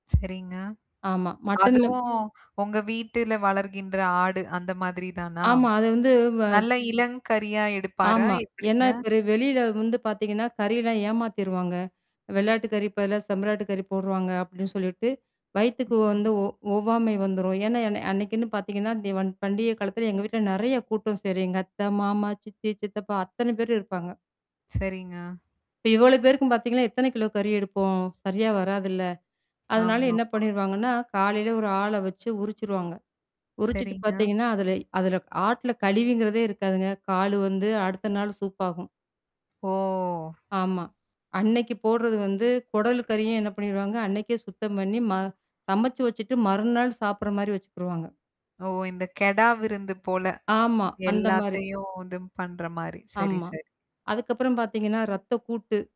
சரிங்க. ஆமா. மட்டன்லம் அதுவும் உங்க வீட்டுல வளர்கின்ற ஆடு அந்த மாதிரி தானா? ஆமா. அது வந்து வ நல்ல இளம் கறியா எடுப்பாரா? ஆமா. ஏன்னா எப்படிங்க? இப்ப ர வெளியில வந்து பார்த்தீங்கன்னா, கறிலாம் ஏமாத்திருவாங்க. வெள்ளாட்டுக்கறி இப்பல்லாம் செம்மறியாட்டுக்கறி போடுவாங்க, அப்படின்னு சொல்லிட்டு, வயித்துக்கு வந்து ம். ஒ ஒவ்வாமை வந்துரும். ஏன்னா என்ன அன்னைக்குன்னு பார்த்தீங்கன்னா, தீவன் பண்டிகை காலத்தில எங்க வீட்ல நிறைய கூட்டம் சேரும். எங்க அத்த, மாமா, சித்தி, சித்தப்பா அத்தனை பேரும் இருப்பாங்க. சரிங்க. இப்ப இவ்வளோ பேருக்கும் பார்த்தீங்கன்னா, எத்தனை கிலோ கறி எடுப்போம். சரியா வராதுல்ல? அதனால என்ன ஆமாமா. பண்ணிருவாங்கன்னா, காலையில ஒரு ஆள வச்சு உரிச்சுருவாங்க. உரிச்சுட்டு சரிங்க. பார்த்தீங்கன்னா, அதுலை அதுல ஆட்ல கழிவுங்குறதே இருக்காதுங்க. கால் வந்து அடுத்த நாள் சூப்பாகும். ஓ! ஆமா. அன்னைக்கு போடுறது வந்து குடல்கறியும் என்ன பண்ணிருவாங்க, அன்னைக்கே சுத்தம் பண்ணி ம சமைச்சு வச்சுட்டு மறுநாள் சாப்பிடுற மாதிரி வச்சுக்குருவாங்க. ஓ! இந்த கெடா விருந்து போல. ஆமா. அந்த மாரி. எல்லாத்தையும் இதுவும் பண்ற மாரி. சரி, ஆமா. சரி. அதுக்கப்புறம் பார்த்தீங்கன்னா, ரத்தக்கூட்டு.